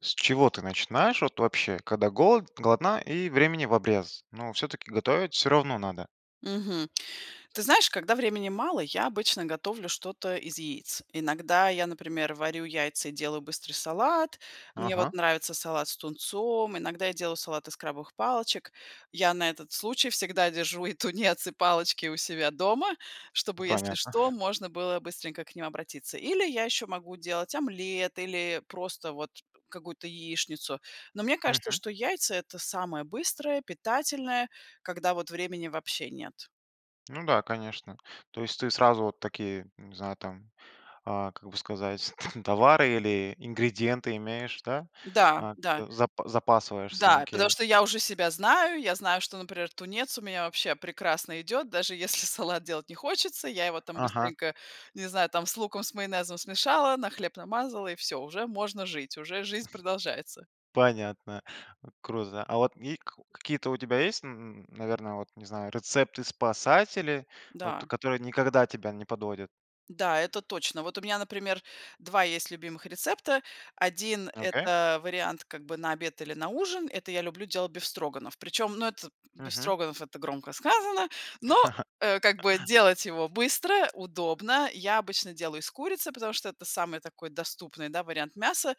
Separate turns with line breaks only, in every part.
С чего ты начинаешь, вот, вообще, когда голод голодна и времени в обрез, но всё-таки готовить всё равно надо?
Мгм. Ты знаешь, когда времени мало, я обычно готовлю что-то из яиц. Иногда я, например, варю яйца и делаю быстрый салат. Мне вот
Ага.
нравится салат с тунцом, иногда я делаю салат из крабовых палочек. Я на этот случай всегда держу и тунец, и палочки у себя дома,
У
чтобы, если
Понятно.
что, можно было быстренько к ним обратиться. Или я еще могу делать омлет или просто, вот, какую-то яичницу. Но, мне кажется,
Мгм.
что яйца- это самое быстрое, питательное, когда вот времени вообще нет.
Ну да, конечно. То есть ты сразу вот такие, не знаю, там, а, как бы сказать, там, товары или ингредиенты имеешь, да?
Да,
А,
да.
за запасаешься?
Да, потому
Окей.
что я уже себя знаю, я знаю, что, например, тунец у меня вообще прекрасно идет, даже если салат делать не хочется, я его, там,
Ага.
быстренько, не знаю, там, с луком, с майонезом смешала, на хлеб намазала, и всё, уже можно жить, уже жизнь продолжается.
Понятно, э, круто, да. А вот вик какие-то у тебя есть, н н наверно, вот, не знаю, рецепты-спасатели, вот
Да.
которые никогда тебя не подводят?
Да, это точно. Вот, у меня, например, 2 есть любимых рецепта. 1-
Окей.
это вариант, как бы, на обед или на ужин. Это я люблю делать бефстроганов. Причём, но это,
Мгм.
бефстроганов- это громко сказано, но, э, как бы, делать его быстро, удобно. Я обычно делаю из курицы, потому что это самый такой доступный, да, вариант мяса.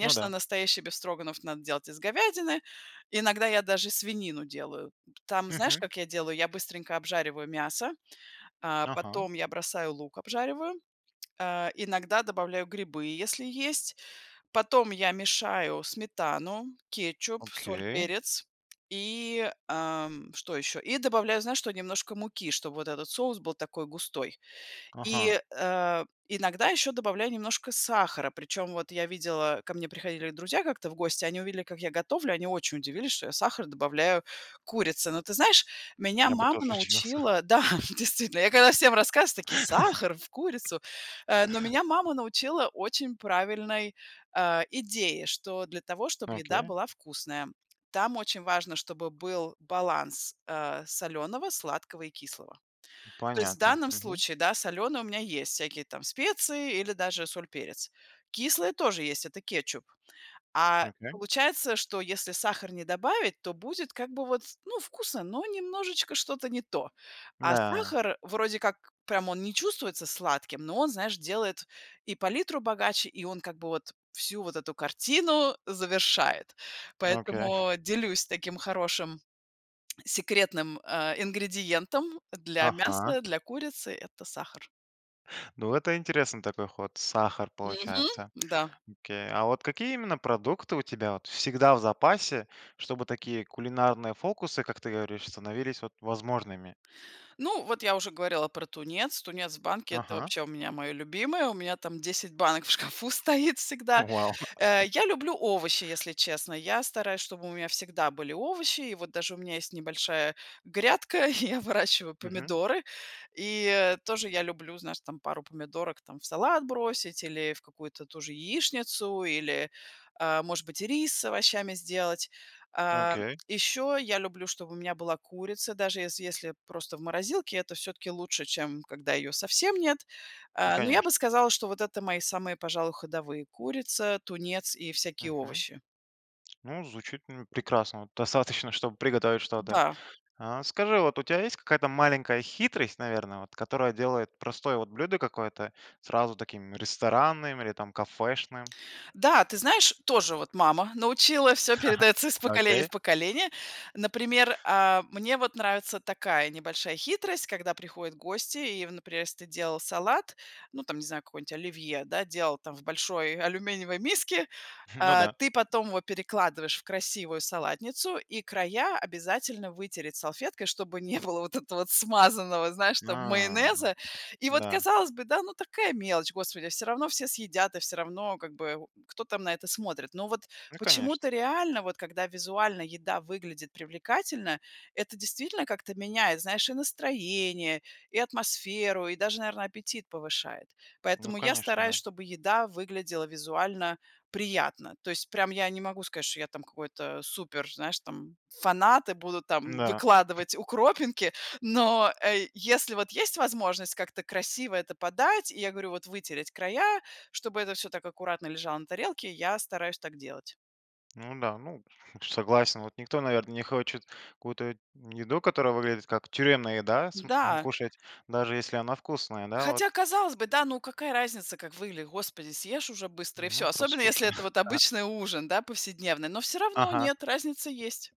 Ну да.
настоящий бефстроганов надо делать из говядины, иногда я даже и свинину делаю. Там, знаешь,
Мгм.
как я делаю? Я быстренько обжариваю мясо, э,
Ага.
потом я бросаю лук обжариваю, э, иногда добавляю грибы, если есть. Потом я мешаю сметану, кетчуп, соль,
Окей.
перец и, э, м, что ещё. И добавляю, знаешь, что? Немножко муки, чтоб вот этот соус был такой густой.
Ага.
И, э, иногда еще добавляю немножко сахара, причем вот я видела, ко мне приходили друзья как-то в гости, они увидели как я готовлю, они очень удивились, что я сахар добавляю к курице. Но ты знаешь, меня
Я бы
мама
тоже удивился!
научила Да, действительно, я когда всем рассказываю, такие: "Сахар в курицу?" Э, но меня мама научила очень правильной, э, идее, что, для того, чтоб еда
Окей.
была вкусная, там очень важно, чтобы был баланс, э, солёного, сладкого и кислого. То есть в
Понятно.
данном
Мгм.
случае, да, солёное у меня есть, всякие там специи или даже соль, перец. Кислые тоже есть- это кетчуп. А,
Окей.
получается, что если сахар не добавить, то будет, как бы вот, ну, вкусно, но немножечко что-то не то. А
Да.
сахар, вроде как, прям он не чувствуется сладким, но он, знаешь, делает и палитру богаче, и он, как бы вот, всю вот эту картину завершает.
Окей.
Поэтому, делюсь таким хорошим секретным, э, ингредиентом для
Ага.
мяса, для курицы- это сахар.
Ну, это интересный такой ход, сахар
Мгм.
получается.
Да.
Окей. А вот какие именно продукты у тебя вот всегда в запасе, чтобы такие кулинарные фокусы, как ты говоришь, становились вот возможными?
Ну, вот, я уже говорила про тунец. Тунец в банке- это,
Ага.
вообще, у меня, мое любимое, у меня, там, 10 банок в шкафу стоит всегда,
Вау!
э, я люблю овощи, если честно. Я стараюсь, чтобы у меня всегда были овощи и, вот, даже у меня есть небольшая грядка, я выращиваю
Мгм.
помидоры и, э, тоже я люблю, знаешь, там, пару помидорок, там, в салат бросить, или в какую-то ту же яичницу или, э, может быть, рис с овощами сделать. А,
Окей.
еще я люблю, чтобы у меня была курица, даже если если просто в морозилке, это всё таки лучше, чем когда ее совсем нет.
Ну,
Э, но
конечно.
я бы сказала, что вот это мои самые, пожалуй, ходовые: курица, тунец, и всякие
Мгм.
овощи.
Ну, звучит, ну, прекрасно, вот достаточно, чтобы приготовить что-то.
Да.
А скажи, вот у тебя есть какая-то маленькая хитрость, наверно, вот которая делает простое вот блюдо какое-то сразу таким, ресторанным или, там, кафешным?
Да, ты знаешь, тоже, вот, мама научила, всё передается из поколения в
Окей.
поколение. Например, а, мне, вот, нравится такая небольшая хитрость, когда приходят гости и в, например, если ты делал салат, ну там не знаю, какое-нибудь оливье, да, делал там в большой алюминиевой миске,
Ну
э,
да.
ты потом его перекладываешь в красивую салатницу, и края обязательно вытереть салфеткой, чтобы не было вот этого вот смазанного, знаешь там,
А.
майонеза. И вот
Да.
казалось бы, да, ну такая мелочь, господи, всё равно все съедят, и всё равно, как бы, о, кто, там, на это смотрит. Но вот
Ну, конечно.
почему-то реально, вот когда визуально еда выглядит привлекательно,- это действительно как-то меняет, знаешь, и настроение, и атмосферу и даже, наверно, аппетит повышает.
Ну,
Поэтому я
конечно,
стараюсь,
да.
чтобы еда выглядела визуально приятно. То есть прям я не могу сказать, что я, там какой-то супер, знаешь, там, фанат и буду, там,
Да.
выкладывать укропинки, но, э, если, вот, есть возможность как-то красиво это подать, и я говорю, вот, вытереть края, чтобы это всё так аккуратно лежало на тарелке, я стараюсь так делать.
Ну да, ну, ф согласен, вот никто, наверно, не хочет какую-то еду, которая выглядит как тюремная еда, см
Да.
кушать, даже если она вкусная, да,
Хотя,
вот.
казалось бы, да, ну какая разница, как выглядит? Господи, съешь уже быстро и всё,
Ну, просто
особенно если это
скушай,
вот
ага.
обычный ужин, да, повседневный, но всё равно-
Ага.
нет, разница есть.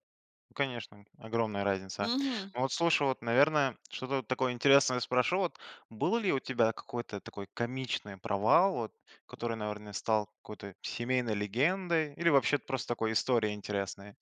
Ну конечно, огромная разница.
Мгм.
Но вот слушай, вот, наверное, что-то вот такое интересное спрошу. Вот был ли у тебя какой-то такой комичный провал, вот который, наверно, стал какой-то семейной легендой или вообще просто такой историей интересной?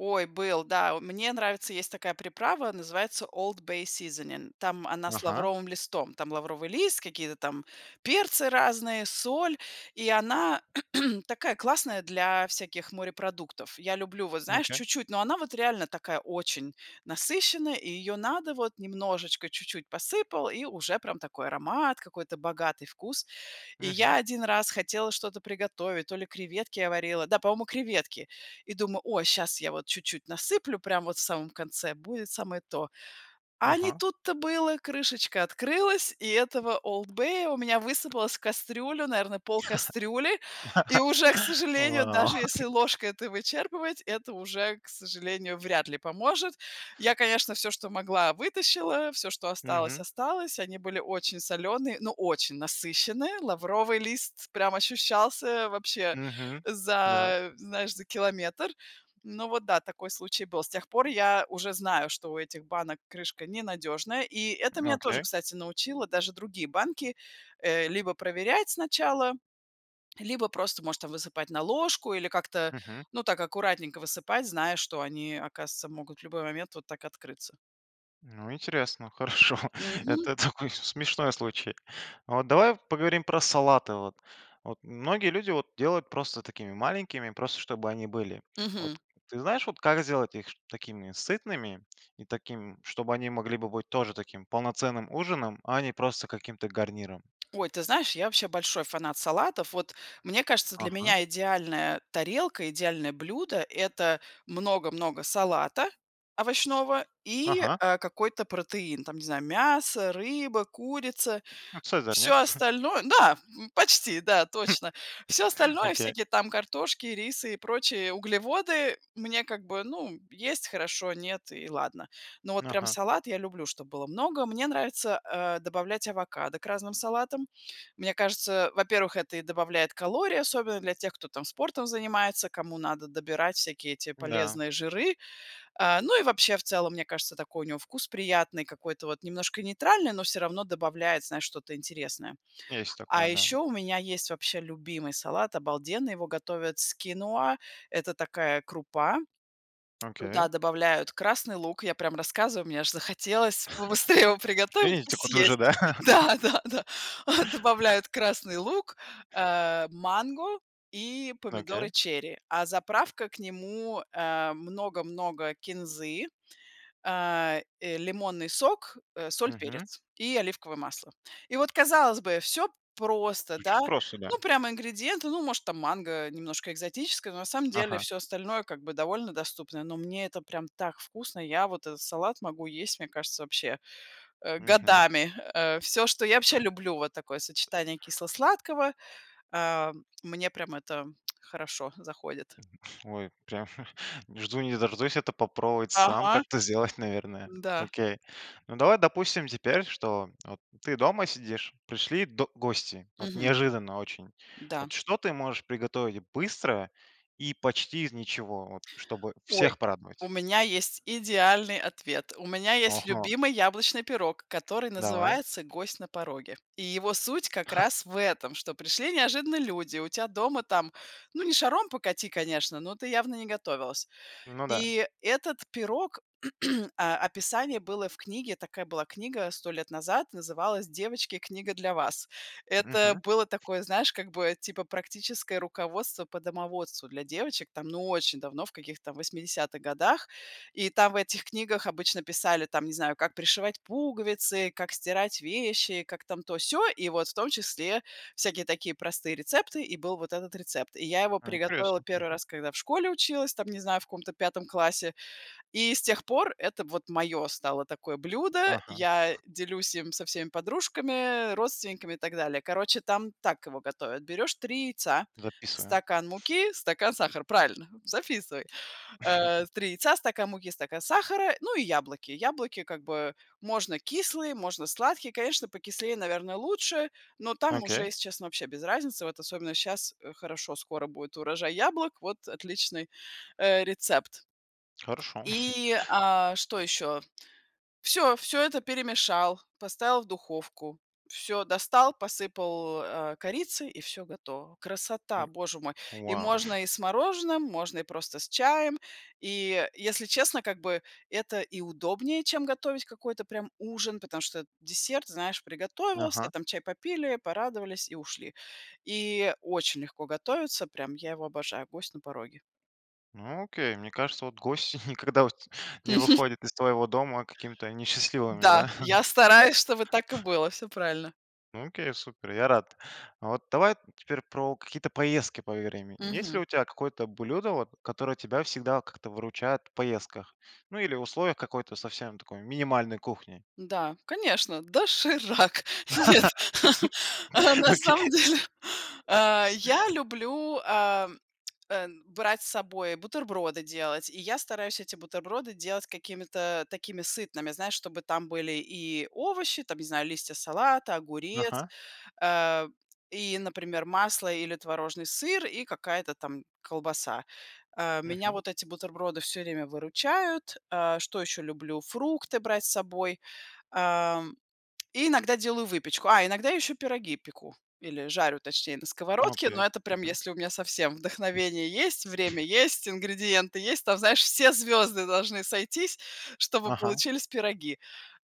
Ой, был, да. О, мне нравится, есть такая приправа, называется Old Bay Seasoning, там она с
Ага.
лавровым листом. Там лавровый лист, какие-то там перцы разные, соль. И она такая классная для всяких морепродуктов. Я люблю, вот, знаешь,
Окей.
чуть-чуть, но она вот реально такая очень насыщенная и ее надо вот немножечко, чуть-чуть посыпал, и уже прям такой аромат, какой-то богатый вкус. И я
Мгм.
один раз хотела что-то приготовить, то ли креветки я варила, да, по-моему креветки. И думаю: о, щас я вот чуть-чуть насыплю, прям вот в самом конце, будет самое то. А не
Ага.
тут-то было! Крышечка открылась, и этого "Олд Бея" у меня высыпалось в кастрюлю, наверно, пол кастрюли. И уже, к сожалению,
Вау.
даже если ложкой это вычерпывать, это уже, к сожалению, вряд ли поможет. Я, конечно, всё, что могла- вытащила, всё, что осталось-
Мгм.
осталось. Они были очень солёные, но очень насыщенные, лавровый лист прям ощущался вообще
Мгм. Да.
за знаешь, за километр. Ну вот да, такой случай был. С тех пор я уже знаю, что у этих банок крышка не надежная, и это меня тоже,
Окей.
кстати, научило, даже другие банки, э, либо проверять сначала, либо просто, может, там высыпать на ложку или как-то,
Мгм.
ну, так аккуратненько высыпать, зная, что они, оказывается, могут в любой момент вот так открыться.
Ну интересно, хорошо.
Мгм.
Это такой с смешной случай. А вот давай поговорим про салаты, вот. Вот, многие люди вот делают просто такими маленькими, просто чтобы они были. А
Мгм.
вот, ты знаешь, вот как их сделать их, чтобы такими сытными? И такими, чтобы они могли бы быть тоже таким полноценным ужином, а не просто каким-то гарниром?
Ой, ты знаешь, я вообще большой фанат салатов. Вот, мне кажется, для
Ага.
меня идеальная тарелка, идеальное блюдо- это много-много салата овощного и,
Ага!
э, какой-то протеин, там, не знаю: мясо, рыба, курица.
Ну "Цезарь", нет?
Всё остальное Да, почти, да,
Хм.
точно. Всё остальное,
Окей.
всякие там картошки, рисы и прочие углеводы, мне, как бы, ну: есть- хорошо, нет- и ладно. Но
Н
вот прям
Ага.
салат я люблю, чтоб было много. Мне нравится, э, добавлять авокадо к разным салатам. Мне кажется, во-первых, это и добавляет калории, особенно для тех, кто там спортом занимается, кому надо добирать всякие эти
Да.
полезные жиры. Э, ну и вообще, в целом, мне кажется, такой у него вкус приятный, какой-то вот немножко нейтральный, но всё равно добавляет, знаешь, что-то интересное.
Есть такое,
А
да.
еще у меня есть вообще любимый салат обалденный, его готовят с киноа- это такая крупа. Туда
Окей.
добавляют красный лук, я прям рассказываю, мне aж захотелось побыстрее его приготовить и
Финитику тоже,
съесть!
да?
Да-да-да! А, добавляют красный лук, э, манго и помидоры
Окей.
черри, а заправка к нему- э, много-много кинзы, э, э, лимонный сок, э, соль,
Мгм.
перец и оливковое масло. И вот, казалось бы, всё просто, да.
Звучит просто, да.
Ну, прямо ингредиенты, ну, может, там, манго немножко экзотическое, но, на самом деле,
Ага.
всё остальное, как бы, довольно доступное, но мне это прям так вкусно. Я вот этот салат могу есть, мне кажется, вообще, э,
Мгм.
годами! Э, всё, что я вообще люблю, вот такое сочетание кисло-сладкого, э, мне прям это хорошо заходит.
Ой, прям, не жду, не дождусь это попробовать сам
Ага!
как-то сделать, наверное.
Да.
Окей. Ну давай, допустим, теперь, что вот ты дома сидишь, пришли до гости, вот
Мгм.
неожиданно очень.
Да.
Вот, что ты можешь приготовить быстро и почти из ничего, вот чтобы
Ой,
всех
у
порадовать?
меня есть идеальный ответ. У меня есть
Ага.
любимый яблочный пирог, который
Давай.
называется "Гость на пороге". И его суть как раз в этом: что пришли неожиданно люди, у тя дома там, ну, не шаром покати, конечно, но ты явно не готовилась.
Ну да.
И этот пирог, э, описание было в книге, такая была книга 100 лет назад, называлась "Девочки, книга для вас". Это
Мгм.
было такое, знаешь, как бы, типа практическое руководство по домоводству для девочек, там, ну очень давно, в каких-то 80-х годах. И там в этих книгах обычно писали, там, не знаю, как пришивать пуговицы, как стирать вещи, как там то-сё. И вот в том числе всякие такие простые рецепты, и был вот этот рецепт. И я его
Ну,
приготовила
интересно,
1
мгм.
раз, когда в школе училась, там не знаю, в каком-то 5 классе. И с тех пор это вот мое стало такое блюдо.
Ага.
Я делюсь им со всеми подружками, родственниками и так далее. Короче, там так его готовят: берешь 3 яйца,
Записываем.
стакан муки, стакан сахара. Правильно, записывай. Э, 3 яйца, стакан муки, стакан сахара, ну и яблоки. Яблоки, как бы, можно кислые, можно сладкие, конечно покислее, наверное, лучше, но там уже,
Окей.
если честно, вообще без разницы, вот особенно щас, э, хорошо- скоро будет урожай яблок. Вот отличный э, рецепт
Хорошо.
И, э, что еще? Всё, всё это перемешал, поставил в духовку, всё достал, посыпал, э, корицей и все готово. Красота,
М.
боже мой! И
Вау!
можно и с мороженым, можно и просто с чаем. И если честно, как бы, это и удобнее, чем готовить какой-то прям ужин. Потому что десерт, знаешь, приготовился,
Ага.
там чай попили, порадовались и ушли. И очень легко готовится, прям я его обожаю- "Гость на пороге".
Ну, окей. Мне кажется, вот гости никогда у те не
Мгм.
выходят из твоего дома какими-то несчастливыми,
Да,
да?
я стараюсь, чтобы так и было. Всё правильно.
Ну окей, супер, я рад. Вот давай теперь про какие-то поездки поговорим. Есть ли
Мгм.
у тя какое-то блюдо вот, которое тебя всегда как-то выручает в поездках, ну, или условиях какой-то совсем такой минимальной кухни?
Да, конечно, "Доширак". Нет. А, на
Окей.
самом деле, а, я люблю, ам, а, брать с собой бутерброды делать, и я стараюсь эти бутерброды делать какими-то такими сытными, знаешь, чтобы там были и овощи- там, не знаю, листья салата, огурец,
Ага.
а, и, например, масло или творожный сыр, и какая-то там колбаса. А, меня
Мгм.
вот эти бутерброды всё время выручают, а, что еще люблю- фрукты брать с собой. Ам, и иногда делаю выпечку. А, иногда еще пироги пеку, или жарю, точнее, на сковородке, но
Окей.
это прям
Мгм.
если у меня совсем вдохновение есть, время есть, ингредиенты есть. Там, знаешь, все звёзды должны сойтись, чтобы
Ага.
получились пироги.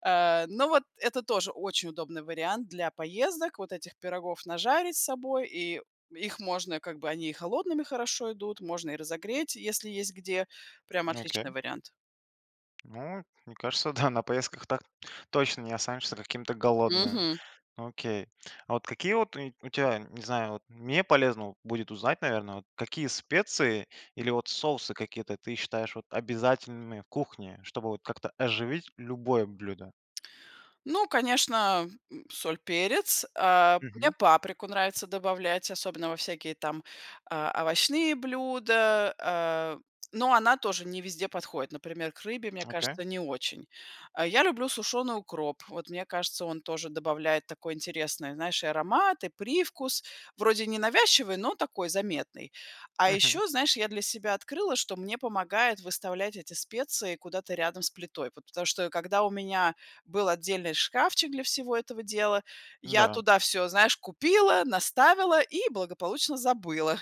Э, но вот это тоже очень удобный вариант для поездок, вот этих пирогов нажарить с собой, и их можно, как бы, они и холодными хорошо идут, можно и разогреть, если есть где, прям отличный
Окей.
вариант.
Ну, мне кажется- да, на поездках так точно не останешься каким-то голодным.
Мгм.
Ну окей. А вот какие вот у у тя, не знаю, вот мне полезно вот будет узнать, наверно, вот какие специи или вот соусы какие-то ты считаешь вот обязательными в кухне, чтобы вот как-то оживить любое блюдо?
Ну, конечно, м, соль, перец. А, мне
Мгм.
паприку нравится добавлять, особенно во всякие там, а, овощные блюда, э, но она тоже не везде подходит, например, к рыбе, мне
Окей.
кажется, не очень. А я люблю сушеный укроп, вот мне кажется, он тоже добавляет такой интересный, знаешь, и аромат, и привкус, вроде ненавязчивый, но такой, заметный. А
Мгм.
еще, знаешь, я для себя открыла, что мне помогает выставлять эти специи куда-то рядом с плитой, вот потому что когда у меня был отдельный шкафчик для всего этого дела, я
М-да.
туда всё, знаешь, купила, наставила и благополучно забыла.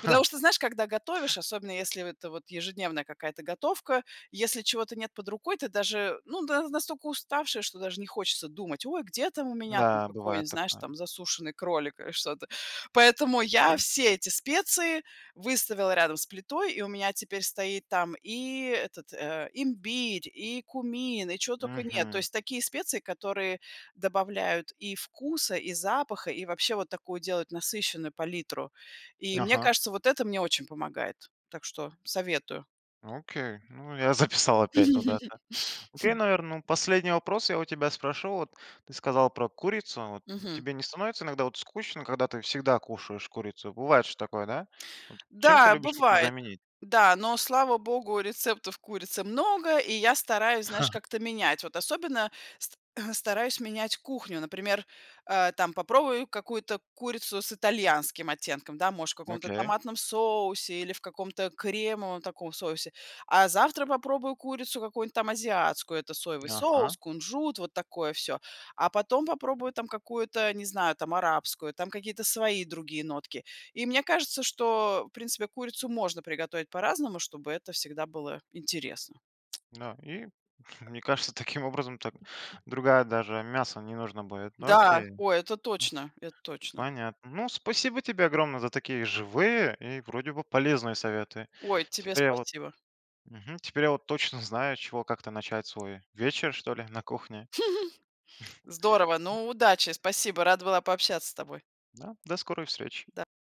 Потому что, знаешь, когда готовишь, особенно, если в это вот ежедневная какая-то готовка, если чего-то нет под рукой, ты даже ну да, настолько уставшая, что даже не хочется думать: ой, где там у меня, там,
Да,
какой-нибудь,
бывает
знаешь,
такое.
там, засушенный кролик, или что-то. Поэтому я
Мгм.
все эти специи выставила рядом с плитой и у меня теперь стоит там и этот, э, имбирь, и кумин, и чё тока нет. То
Мгм.
есть такие специи, которые добавляют и вкуса, и запаха, и вообще вот такую делают насыщенную палитру. И мне
Ага.
кажется, вот это мне очень помогает, так что советую.
Окей. Ну я записал опять вот это. Окей, наверно, ну, последний вопрос я у тебя спрошу. Вот ты сказала про курицу вот.
Мгм.
Тебе не становится иногда вот скучно, когда ты всегда кушаешь курицу? Бывает же такое, да? Вот чем ты
Да,
любишь это
бывает.
заменить?
Да, но, слава богу, рецептов курицы много, и я стараюсь, знаешь, как-то менять. Вот особенно ст стараюсь менять кухню. Например, э, там попробую какую-то курицу с итальянским оттенком, да, может, в каком-то
Окей.
томатном соусе или в каком-то кремовом таком соусе, а завтра попробую курицу какую-нибудь, там, азиатскую: это соевый соус,
Ага.
кунжут, вот такое всё. А потом попробую, там, какую-то, э, не знаю, там, арабскую, там какие-то свои другие нотки. И мне кажется, что, в принципе, курицу можно приготовить по-разному, чтобы это всегда было интересно.
Да, и, мне кажется, таким образом так другая даже мясо не нужно будет. Ну
Да,
окей.
ой, это точно, это точно.
Понятно. Ну, спасибо тебе огромное за такие живые и вроде бы полезные советы.
Ой, тебе
Теперь я вот
спасибо.
Мгм. Теперь я вот точно знаю, с чего как-то начать свой вечер, что ли, на кухне.
Здорово! Ну, удачи! Спасибо, рада была пообщаться с тобой!
Да. До скорой встречи!
Да.